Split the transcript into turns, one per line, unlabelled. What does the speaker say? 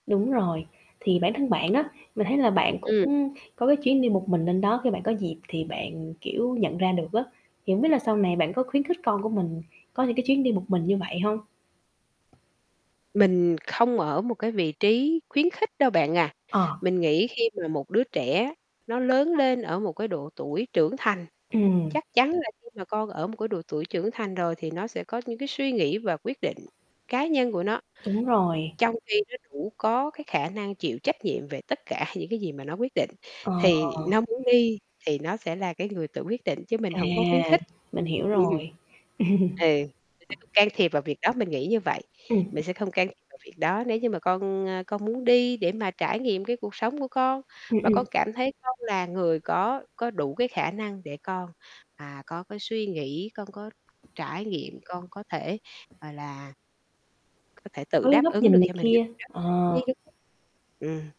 Đúng rồi, thì bản thân bạn á, mình thấy là bạn cũng
Ừm.
có cái chuyến đi một mình lên đó khi bạn có dịp thì bạn, kiểu, nhận ra được á, thì hông biết là sau này bạn có khuyến khích con của mình có những cái chuyến đi một mình như vậy hông?
Mình không ở một cái vị trí khuyến khích đâu bạn à.
Ờ.
Mình nghĩ khi mà một đứa trẻ nó lớn lên ở một cái độ tuổi trưởng thành,
Ừm.
chắc chắn là khi mà con ở một cái độ tuổi trưởng thành rồi thì nó sẽ có những cái suy nghĩ và quyết định cá nhân của nó.
Đúng rồi.
Trong khi nó đủ có cái khả năng chịu trách nhiệm về tất cả những cái gì mà nó quyết định
Ờ.
thì nó muốn đi thì nó sẽ là cái người tự quyết định chứ mình
À,
hổng có khuyến khích.
mình hiểu
Ừm.
rồi.
Ừ, mình sẽ không can thiệp vào việc đó. Mình nghĩ như vậy,
Ừm.
mình sẽ không can thiệp vào việc đó nếu như mà con, à, con muốn đi để mà trải nghiệm cái cuộc sống của con,
Ừm,
và
ừm.
con cảm thấy con là người có có đủ cái khả năng để con, à, có cái suy nghĩ, con có trải nghiệm, con có thể, gọi là có thể tự
Với
đáp
góc
ứng
nhìn
được
này
cho mình cái
kia,
việc đó
ờ.
thì [unintelligible] Ừm.